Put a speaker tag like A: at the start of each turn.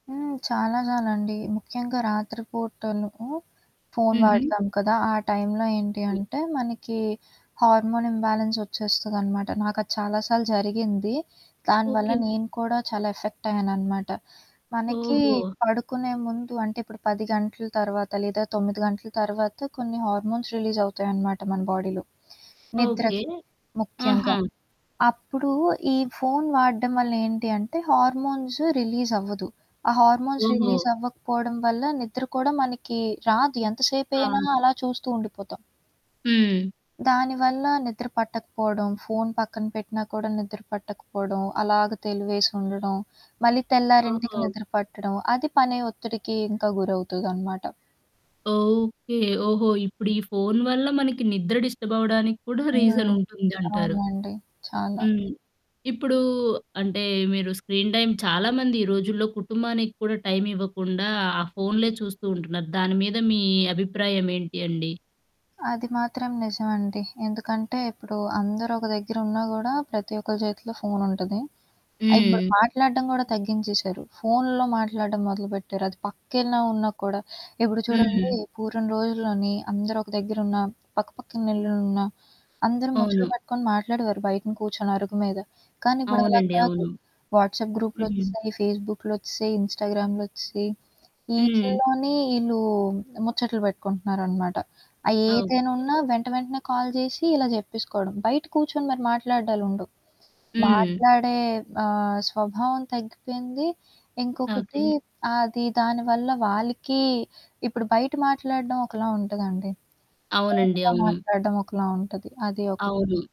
A: హ్మ్. చాలా చాలండి. ముఖ్యంగా రాత్రి పూటలు ఫోన్
B: హుహు.
A: వాడతాం కదా! ఆ టైం‌లో ఏంటి
B: హ్మ్.
A: అంటే మనకి హార్మోనింబాలెన్స్ ఒచ్చేస్తదనమాట. నాకది చాలా సార్లు జరిగింది. దానివల్ల
B: ఓకే.
A: నేను కూడా చాలా ఎఫెక్టయ్యాననమాట. మనకి
B: ఓహో!
A: పడుకునే ముందు అంటే ఇప్పుడు 10 గంటల తర్వాత లేదా 9 గంటల తర్వాత కొన్ని హార్మోన్స్ రిలీజవుతాయన్నమాట మన బాడీలో.
B: ఓకే.
A: నిద్రకి. ముఖ్యంగా.
B: ఆహా!
A: అప్పుడు ఈ ఫోన్ వాడడం వల్ల ఏంటి అంటే హార్మోన్స్ రిలీజ్ అవ్వదు. ఆ హార్మోన్స్
B: ఓహో!
A: రిలీజ్ అవ్వకపోవడం వల్ల నిద్రకూడా మనకి రాదు. ఎంతసేపైనా
B: అవును.
A: అలా చూస్తూ ఉండిపోతాం.
B: హ్మ్.
A: దానివల్ల నిద్ర పట్టకపోడం, ఫోన్ పక్కన పెట్టినా కూడా నిద్ర పట్టకపోడం. అలాగ తెలివేసి ఉండడం. మళ్ళీ తెల్లారింటికి
B: ఓహో!
A: నిద్ర పట్టడం. అది పనే ఒత్తిడికి ఇంకా గురవుతుదనమాట.
B: ఓకే. ఓహో! ఇప్పుడు ఈ ఫోన్ వల్ల మనకి నిద్ర డిస్టర్బ్ అవ్వడానిక్కూడా రీజన్
A: హ్మ్.
B: ఉంటుందంటారు.
A: అవునండి. చాలా.
B: హ్మ్. ఇప్పుడు అంటే మీరు స్క్రీన్ టైమ్ చాలామంది ఈ రోజుల్లో కుటుంబానికి కూడా టైం ఇవ్వకుండా ఆ ఫోన్లే చూస్తూ ఉంటున్నారు. దాని మీద మీ అభిప్రాయం ఏంటి అండి?
A: అది మాత్రం నిజమండి. ఎందుకంటే ఇప్పుడు అందరూ ఒక దెగ్గరున్నా గూడా ప్రతి ఒక్కరి చేతిలో ఫోన్ ఉంటది. ఆ ఇప్పుడు
B: హ్మ్.
A: మాట్లాడ్డం కూడా తగ్గించేశారు. ఫోన్లో మాట్లాడ్డం మొదలుపెట్టారు. అది పక్కెలాన ఉన్నా కూడా. ఇప్పుడు చూడండి
B: హ్మ్.
A: పూర్వం రోజుల్లోని అందరొక దెగ్గరున్నా పక్కపక్కల ఇల్లలున్న అందరూ ముచ్చలు
B: అవును.
A: పట్టుకొని మాట్లాడేవారు. బయటన కూర్చొని అరుగు మీద. కానీ ఇప్పుడలా
B: అవునండి
A: కాదు.
B: అవును.
A: వాట్స్‌అప్
B: హ్మ్.
A: గ్రూప్‌లొచ్చసాయి, ఫేస్‌బుక్‌లొచ్చేసాయి, ఇన్‌స్టాగ్రామ్‌లొచ్చేసాయి.
B: హ్మ్.
A: వీటిల్లోనే ఈళ్ళు ముచ్చట్లు పెట్టుకుంటున్నారనమాట. ఆహ్, ఏదైనా
B: ఓకే.
A: ఉన్నా వెంట వెంటనే కాల్ చేసి ఇలా చెప్పేసుకోవడం. బయట కూర్చొని మీరు మాట్లాడ్డాలుండవు.
B: హ్మ్.
A: మాట్లాడే ఆహ్, స్వభావం తగ్గిపోయింది. ఇంకొకటి
B: ఓకే.
A: అది దానివల్ల వాళ్ళకి ఇప్పుడు బయట మాట్లాడడం ఒకలా ఉంటదండి.
B: అవునండి.
A: ఫోనులో
B: అవును.
A: మాట్లాడడం ఒకలా ఉంటది. అది ఒకటి.
B: అవును.